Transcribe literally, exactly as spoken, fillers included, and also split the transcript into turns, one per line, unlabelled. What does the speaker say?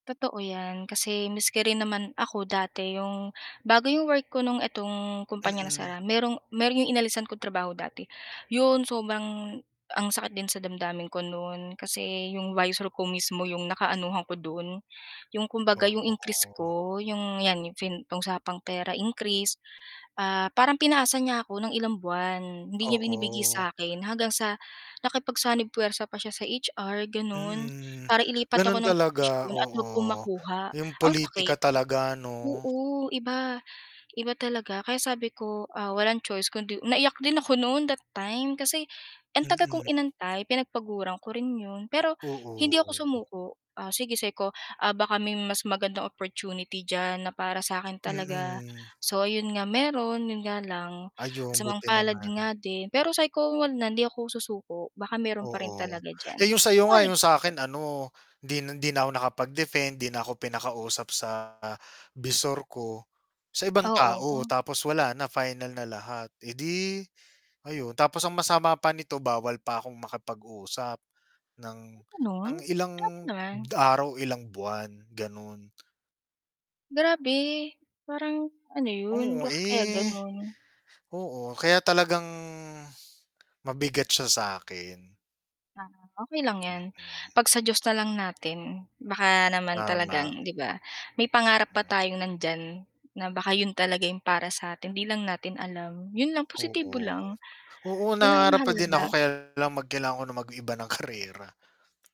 Totoo 'yan, kasi maski rin naman ako dati 'yong bago 'yong work ko no'ng itong kumpanya
Mm.
nasara, mayro'n mayro'n 'yong inalisan kong trabaho dati, 'yon sobrang ang sakit din sa damdamin ko no'n kasi 'yong visor ko mismo 'yong nakaanuhan ko do'n. 'Yong kumbaga 'yong increase
Oo.
ko 'yong, 'yan yung fin usapang pera increase, ah, parang pinaasa niya ako ng ilang buwan, hindi niya binibigay
Oo.
sa akin hanggang sa nakipagsanib-pwersa pa siya sa H-R gano'n,
Mm,
para ilipat ako
gano'n
ng
talaga,
posisyon at huwag ko
oo.
makuha.
Yung
Ang
politika
sakit,
talaga 'no?
oo iba, iba talaga kaya sabi ko, ah, "Walang choice kundi" Naiyak din ako no'n that time kasi, ang tagal kong
Mm.
inantay pinagpaguran ko rin 'yon pero hindi ako
Oo.
sumuko, ah, sige sabi ko "Ah, baka may mas magandang opportunity diyan na para sa akin talaga."
Mm.
So ayun nga, mayro'n 'yon nga lang,
Ayun,
kasamaang
buti
palad
naman.
'yun nga din. Pero sabi ko, "Huwag na, hindi ako susuko baka mayro'n pa rin
Oo.
talaga
Eh,
diyan."
yung sa'yo nga yung sa
[unintelligible]
akin ano, hindi na hindi na ako nakapag-defend, 'di na ako pinakausap sa bisor ko. Sa ibang tao
Oo.
tapos wala na final na lahat, eh, 'di, ayun tapos ang masama pa nito bawal pa akong makipag-usap ng,
Ay, gano'n
ng
grabe
ilang
naman.
araw, ilang buwan, gano'n.
Grabe, parang ano 'yun,
Oo.
bakit kaya
Eh
gano'n?
oo, kaya talagang mabigat siya sa'kin.
Ah, okey lang 'yan
Mm.
'pag sa Diyos na lang natin baka naman talagang
Tama.
'di ba? May pangarap pa
Mm.
tayong nandiyan na baka 'yun talaga yung para sa atin, 'di lang natin alam, 'yun lang positibo
Oo.
lang.
Oo,
'Yun ang
nangarap pa din ako
mahalaga.
kaya lang mag kailangan ko ng mag-iba ng karera.